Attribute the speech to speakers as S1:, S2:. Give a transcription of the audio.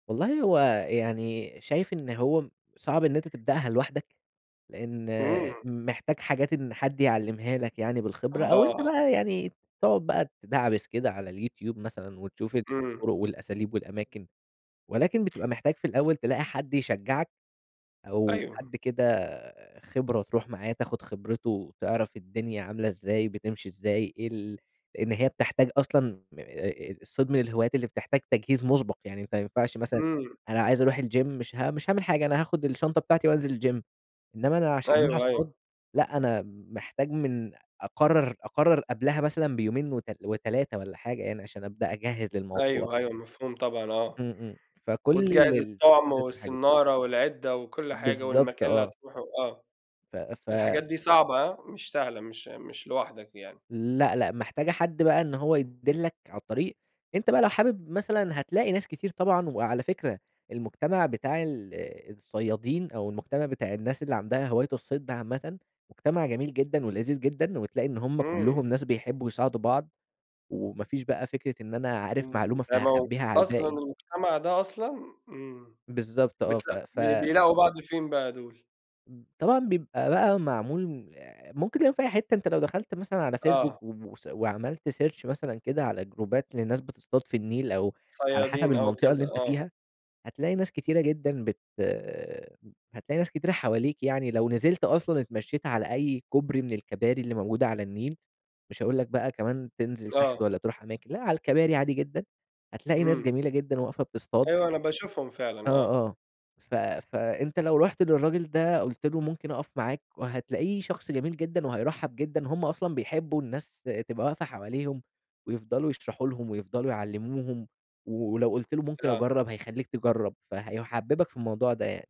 S1: والله هو يعني شايف إن هو صعب إن أنت تبدأها لوحدك، لإن
S2: إمم.
S1: محتاج حاجات إن حد يعلِّمها لك يعني بالخبرة أو أنت
S2: آه.
S1: بقى يعني تقعد بقى تِدَعبِس كده على اليوتيوب مثلًا وتشوف
S2: إمم.
S1: الطُرُق والأساليب والأماكن، ولكن بتبقى محتاج في الأول تلاقي حد يشجّعك أو
S2: أيوه.
S1: حد كده خبرة تروح معاه تاخُد خبرته وتعرف الدنيا عاملة إزاي بتمشي إزاي إيه ال لإن هي بتحتاج أصلًا م آآ الصيد من الهوايات اللي بتحتاج تجهيز مُسبَق، يعني أنت ما ينفعش مثلًا
S2: إمم.
S1: أنا عايز أروح الgym مش ه مش هاعمل حاجة، أنا هاخُد الشنطة بتاعتي وأنزل الgym، إنّما أنا عشان أروح
S2: أيوه،
S1: أصطاد،
S2: أيوه.
S1: لأ أنا محتاج من أقرّر أقرّر قبلها مثلًا بيومين وت و3 والّا حاجة يعني عشان أبدأ أجهّز للموضوع.
S2: أيوه، أيوه، مفهوم طبعًا آه.
S1: إمم، إمم. فكل
S2: وتجهّز الطُعم
S1: التجهيزات والحاجات دي.
S2: والصنّارة والعِدّة وكل حاجة
S1: بالضبط
S2: والمكان اللي
S1: آه.
S2: هتروحه آه.
S1: ف
S2: الحاجات
S1: ف
S2: دي صعبة هاه مش سهلة، مش مش لوحدك يعني.
S1: لأ، لأ محتاجة حد بقى إن هو يدلّك عالطريق. أنت بقى لو حابب مثلًا هتلاقي ناس كتير طبعًا، وعلى فكرة المجتمع بتاع ال الصيادين أو المجتمع بتاع الناس اللي عندها هواية الصيد ده عامةً، مجتمع جميل جدًا ولذيذ جدًا وتلاقي إن هم
S2: إمم.
S1: كُلّهم ناس بيحبّوا يساعدوا بعض وما فيش بقى فكرة إن أنا عارف
S2: إمم.
S1: معلومة
S2: تمو
S1: فهاخبِّيها على
S2: أصلًا
S1: الباقي.
S2: المجتمع ده أصلًا إمم.
S1: بالضبط آه.
S2: بت
S1: ف ف
S2: ب بيلاقوا بعض فين بقى دول؟
S1: إمم. طبعًا بيبقى بقى معمول م ممكن تلاقيهم في أي حتّة، أنت لو دخلت مثلًا على فيسبوك
S2: آه.
S1: وم وس وعملت search مثلًا كده على جروبات لناس بتصطاد في النيل أو على حسب
S2: صيادين آه،
S1: المنطقة
S2: وكذا
S1: اللي أنت
S2: آه.
S1: فيها، هتلاقي ناس كتيرة جدًا بت هتلاقي ناس كتيرة حواليك يعني لو نزلت أصلًا اتمشّيت على أي كوبري من الكباري اللي موجودة على النيل، مش هاقول لك بقى كمان تنزل تحت
S2: آه.
S1: والّا تروح أماكن، لأ على الكباري عادي جدًا هتلاقي ناس
S2: إمم.
S1: جميلة جدًا واقفة بتصطاد
S2: أيوه. أنا باشوفهم
S1: آه،
S2: فعلًا آه.
S1: آه. ف فأنت لو رُحت للراجل ده قُلت له ممكن أقَف معاك وهتلاقيه شخص جميل جدًا وهيرحّب جدًا، هم أصلًا بيحبّوا الناس ت تبقى واقفة حواليهم ويفضلوا يشرحوا لهم ويفضلوا يعلموهم، ولو قُلت له ممكن
S2: آه.
S1: أجرّب هيخلّيك تجرّب، فهيٌحبِّبك في الموضوع ده يعني.